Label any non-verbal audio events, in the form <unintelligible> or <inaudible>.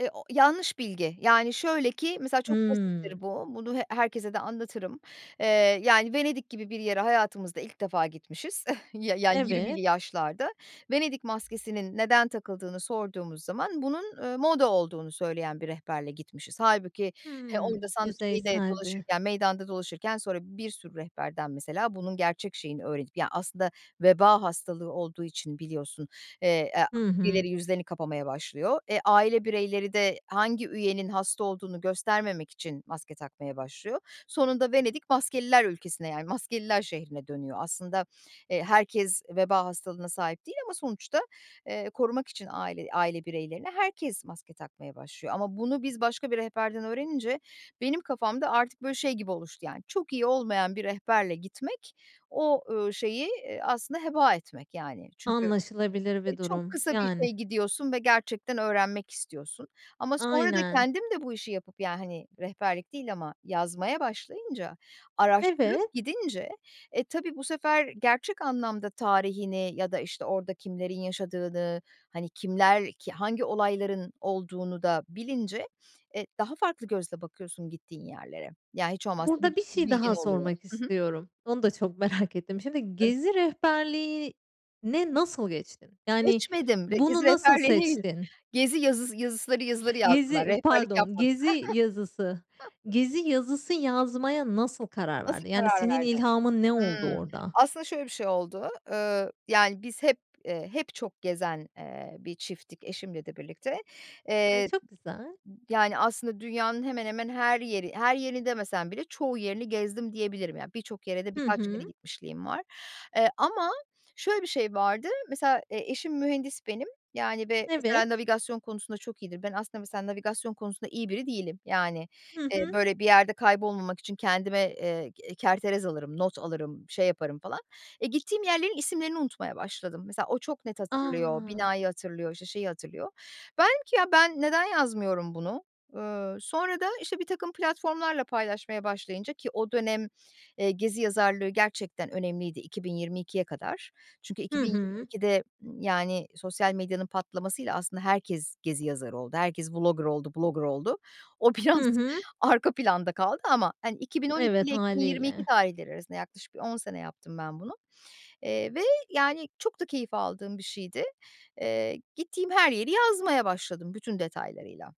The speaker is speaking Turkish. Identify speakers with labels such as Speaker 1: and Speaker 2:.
Speaker 1: E o yanlış bilgi. Yani, şöyle ki mesela çok
Speaker 2: Hımm.
Speaker 1: basittir bu. Bunu he herkese de anlatırım. Eee, yani Venedik gibi bir yere hayatımızda ilk defa gitmişiz <chuckles> ya ya 20'li
Speaker 2: Evet.
Speaker 1: yaşlarda. Venedik maskesinin neden takıldığını sorduğumuz zaman bunun, ııı, moda olduğunu söyleyen bir rehberle gitmişiz. Hâlbuki he
Speaker 2: Hımm,
Speaker 1: <unintelligible>
Speaker 2: yüzeyseldi.
Speaker 1: dolaşırken meydanda dolaşırken, sonra bir sürü rehberden mesela bunun gerçek şeyini öğrenip, ya aslında veba hastalığı olduğu için biliyorsun, eee, aaa,
Speaker 2: Hı hı.
Speaker 1: birileri yüzlerini kapamaya başlıyor. E aile bireyleri de hangi üyenin hasta olduğunu göstermemek için maske takmaya başlıyor. Sonunda Venedik maskeliler ülkesine, yani maskeliler şehrine dönüyor. Aslında, eee, herkes veba hastalığına sahip değil ama sonuçta, eee, korumak için aile aile bireylerini herkes maske takmaya başlıyor. Ama bunu biz başka bir rehberden öğrenince benim kafamda artık, böyle, şey gibi oluştu yani çok iyi olmayan bir rehberle gitmek o, ııı, şeyi, eee, aslında heba etmek yani. Çünkü,
Speaker 2: Anlaşılabilir
Speaker 1: e
Speaker 2: bir
Speaker 1: çok
Speaker 2: durum.
Speaker 1: kısa bir
Speaker 2: Yani.
Speaker 1: şeye gidiyorsun ve gerçekten öğrenmek istiyorsun. Ama sonra da
Speaker 2: Aynen.
Speaker 1: kendim de bu işi yapıp ya hani rehberlik değil ama yazmaya başlayınca, araştırıp
Speaker 2: Evet.
Speaker 1: gidince, e tabii bu sefer gerçek anlamda tarihini ya da, işte, orada kimlerin yaşadığını, hani kimler, ki hangi olayların olduğunu da bilince, e daha farklı gözle bakıyorsun gittiğin yerlere. Ya, hiç olmazsa bir
Speaker 2: Burada bir şey
Speaker 1: bilgin
Speaker 2: daha
Speaker 1: oluyor.
Speaker 2: sormak
Speaker 1: Hı hı.
Speaker 2: istiyorum. Onu da çok merak ettim. Şimdi gezi rehberliğine nasıl geçtin? Yani
Speaker 1: Geçmedim
Speaker 2: bunu
Speaker 1: <unintelligible>
Speaker 2: nasıl
Speaker 1: değil.
Speaker 2: seçtin?
Speaker 1: Gezi yazıs yazısıları yazıları yazdım ben.
Speaker 2: Yezi,
Speaker 1: Rehberlik
Speaker 2: pardon
Speaker 1: yapmadım.
Speaker 2: gezi yazısı.
Speaker 1: <chuckles>
Speaker 2: Gezi yazısı yazmaya nasıl karar
Speaker 1: Nasıl
Speaker 2: verdin? Yani,
Speaker 1: karar
Speaker 2: senin
Speaker 1: verdin?
Speaker 2: ilhamın ne oldu
Speaker 1: Hımm.
Speaker 2: orada?
Speaker 1: Aslında şöyle bir şey oldu. Iıı, yani biz hep, eee, hep çok gezen, eee, bir çifttik eşimle de birlikte.
Speaker 2: Ay,
Speaker 1: Eee,
Speaker 2: çok güzel.
Speaker 1: b yani aslında dünyanın hemen hemen her yeri her yerini demesem bile çoğu yerini gezdim diyebilirim. Yani, birçok yere de
Speaker 2: Hı
Speaker 1: birkaç kere
Speaker 2: hı.
Speaker 1: gitmişliğim var. Eee, ama şöyle bir şey vardı. Mesela, eee, eşim mühendis benim. Yani ve
Speaker 2: Evet.
Speaker 1: mesela navigasyon konusunda çok iyidir. Ben aslında mesela navigasyon konusunda iyi biri değilim. Yani,
Speaker 2: Hı
Speaker 1: eee,
Speaker 2: hı.
Speaker 1: böyle, bir yerde kaybolmamak için kendime, eee, ge eee, kerterez alırım, not alırım, şey yaparım falan. E, gittiğim yerlerin isimlerini unutmaya başladım. Mesela o çok net hatırlıyor,
Speaker 2: A!
Speaker 1: binayı hatırlıyor, işte, şeyi hatırlıyor. Ben dedim ki ya ben neden yazmıyorum bunu. Iıı, sonra da, işte, bir takım platformlarla paylaşmaya başlayınca ki o dönem, eee, gezi yazarlığı gerçekten önemliydi 2022'ye kadar. Çünkü
Speaker 2: Hı
Speaker 1: iki bin yirmi
Speaker 2: hı.
Speaker 1: ikide, ımm, yani sosyal medyanın patlamasıyla aslında herkes gezi yazarı oldu. Herkes Vlogger oldu, Blogger oldu. O
Speaker 2: Hı
Speaker 1: biraz
Speaker 2: hı.
Speaker 1: arka planda kaldı ama, hani, 2012
Speaker 2: Evet,
Speaker 1: ile 2022
Speaker 2: hâliyle.
Speaker 1: tarihleri arasında yaklaşık bir 10 sene yaptım ben bunu. Eee, ve yani çok da keyif aldığım bir şeydi. Eee, gittiğim her yeri yazmaya başladım bütün detaylarıyla.